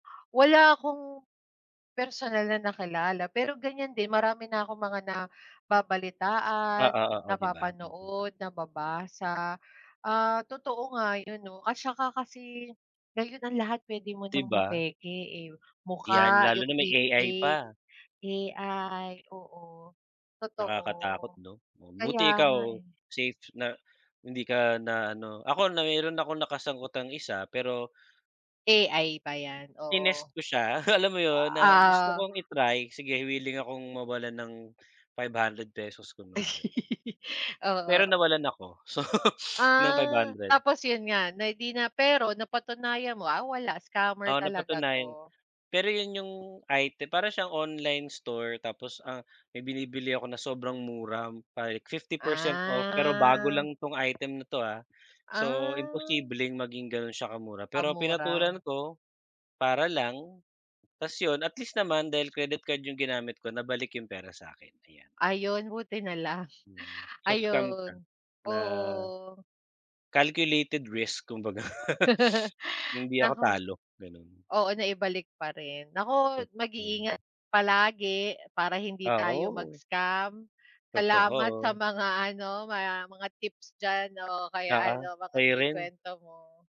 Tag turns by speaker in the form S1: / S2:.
S1: Wala akong personal na nakilala pero ganiyan din marami na akong mga nababalitaan,
S2: Oo, oo 'di ba? Mm.
S1: napapanood, nababasa. Ah, totoo nga 'yon 'no at saka kasi ngayon ang lahat puwede mo
S2: 'Di
S1: ng
S2: ba?
S1: mapeke, eh.
S2: Yan
S1: Mukha,
S2: lalo
S1: yung
S2: na may
S1: deep
S2: AI
S1: fake,
S2: pa.
S1: AI oo, totoo.
S2: Nakakatakot 'no? Buti
S1: Kaya
S2: ikaw
S1: nga, eh.
S2: safe na hindi ka na ano ako na mayro'n akong nakasagutang isa pero
S1: AI ba yan?
S2: tinest
S1: Oo.
S2: ko siya alam mo 'yon? Na gusto
S1: Ah
S2: kong i-try, "Sige willing akong mawalan ng 500 pesos kunwari." Pero
S1: Oo.
S2: nawalan ako so ng five
S1: Ah,
S2: hundred.
S1: tapos 'yon nga na di na pero napatunayan mo, ah, wala scammer
S2: Oo,
S1: talaga
S2: napatunayan.
S1: 'to.
S2: Pero 'yon yung item para siyang online store tapos ang may binibili ako na sobrang mura pa 50% off pero bago
S1: Ah.
S2: lang tong item na to, ah. So,
S1: Ah.
S2: imposibleng maging gano'n siya ka-mura.
S1: Ang
S2: Pero
S1: mura.
S2: pinatulan ko, para lang tas 'yon at least naman dahil credit card yung ginamit ko nabalik yung pera sa akin, ayan.
S1: Ayun buti na lang.
S2: Hmm. So, scam siya
S1: Ayun,
S2: na
S1: oo.
S2: Calculated risk kumbaga. Hindi ako
S1: Naku.
S2: talo, gano'n.
S1: Oo naibalik pa rin nako
S2: Totoo.
S1: mag-iingat palagi para hindi
S2: Ah,
S1: tayo
S2: oo.
S1: mag-scam, salamat sa
S2: Totoo.
S1: mga ano, mga mga tips diyan o kaya
S2: Oo,
S1: ano mga
S2: sa'yo rin.
S1: na-ikwento mo.